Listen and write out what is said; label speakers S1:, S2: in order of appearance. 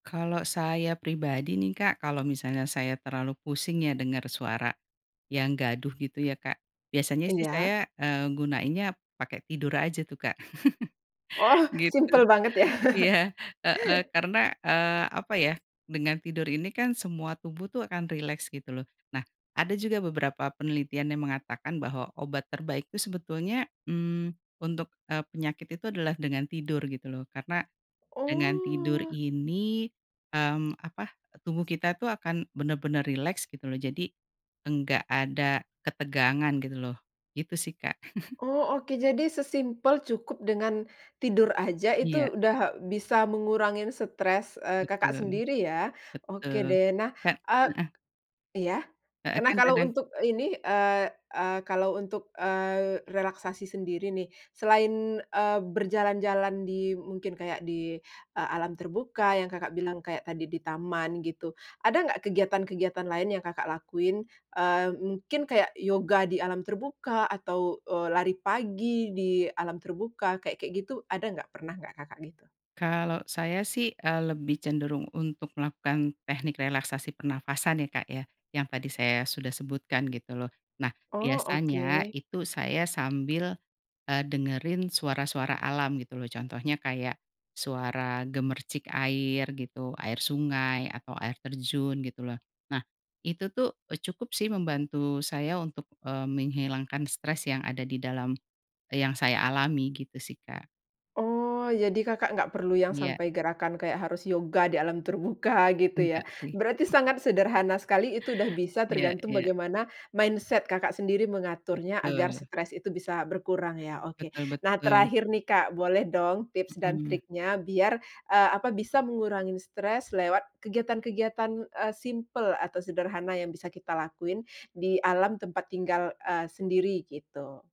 S1: Kalo saya pribadi nih, Kak, kalau misalnya saya terlalu pusing ya denger suara yang gaduh gitu ya, Kak. Biasanya sih
S2: Iya.
S1: saya, eee, gunainnya pake tidur aja tuh, Kak.
S2: Oh!
S1: Gitu.
S2: simpel banget ya.
S1: Iya, heeh. Karena, eee, apa ya, dengan tidur ini kan semua tubuh tuh akan rileks gitu loh. Nah, ada juga beberapa penelitian yang mengatakan bahwa obat terbaik tuh sebetulnya, mmm, untuk, eee, penyakit itu adalah dengan tidur gitu loh. Karena dengan tidur
S2: Oh.
S1: ini, mmm, apa, tubuh kita tuh akan bener-bener rileks gitu loh. Jadi enggak ada ketegangan gitu loh. Gitu sih, Kak.
S2: Oh oke. Jadi sesimpel cukup dengan tidur aja
S1: Iya.
S2: itu udah bisa mengurangin stres, eee, Kakak
S1: Betul.
S2: sendiri ya. Oke
S1: Betul.
S2: deh. Nah
S1: Ka
S2: eee,
S1: heeh.
S2: iya?
S1: Heeh.
S2: K nah,
S1: Kan
S2: kalau
S1: kadang
S2: untuk ini, eee eee, kalau untuk, eee, relaksasi sendiri nih, selain, eee, berjalan-jalan di mungkin kayak di, eee, alam terbuka yang Kakak bilang kayak tadi di taman gitu. Ada nggak kegiatan-kegiatan lain yang Kakak lakuin? Eee, mungkin kayak yoga di alam terbuka, atau, eee, lari pagi di alam terbuka, kayak-kayak gitu ada nggak? Pernah nggak, Kakak, gitu?
S1: Kalau saya sih, eee, lebih cenderung untuk melakukan teknik relaksasi pernafasan ya, Kak, ya. Yang tadi saya sudah sebutkan gitu loh. Nah,
S2: Oh,
S1: biasanya
S2: oke.
S1: itu saya sambil, eee, dengerin suara-suara alam gitu loh. Contohnya kayak suara gemercik air gitu, air sungai atau air terjun gitu loh. Nah, itu tuh, eee, cukup sih membantu saya untuk, eee, menghilangkan stres yang ada di dalam, eee, yang saya alami gitu sih, Kak.
S2: Oh, jadi Kakak nggak perlu yang
S1: Iya.
S2: sampai gerakan kayak harus yoga di alam terbuka gitu ya.
S1: Enggak sih.
S2: Berarti sangat sederhana sekali. Itu udah bisa
S1: Iya
S2: tergantung
S1: iya.
S2: bagaimana mindset Kakak sendiri mengaturnya agar
S1: Betul.
S2: stres itu bisa berkurang ya? Oke.
S1: Betul
S2: Nah,
S1: betul.
S2: terakhir nih, Kak. Boleh dong tips dan
S1: Mhm.
S2: triknya biar, eee, apa, bisa mengurangin stres lewat kegiatan-kegiatan, eee, simpel atau sederhana yang bisa kita lakuin di alam tempat tinggal, eee, sendiri gitu.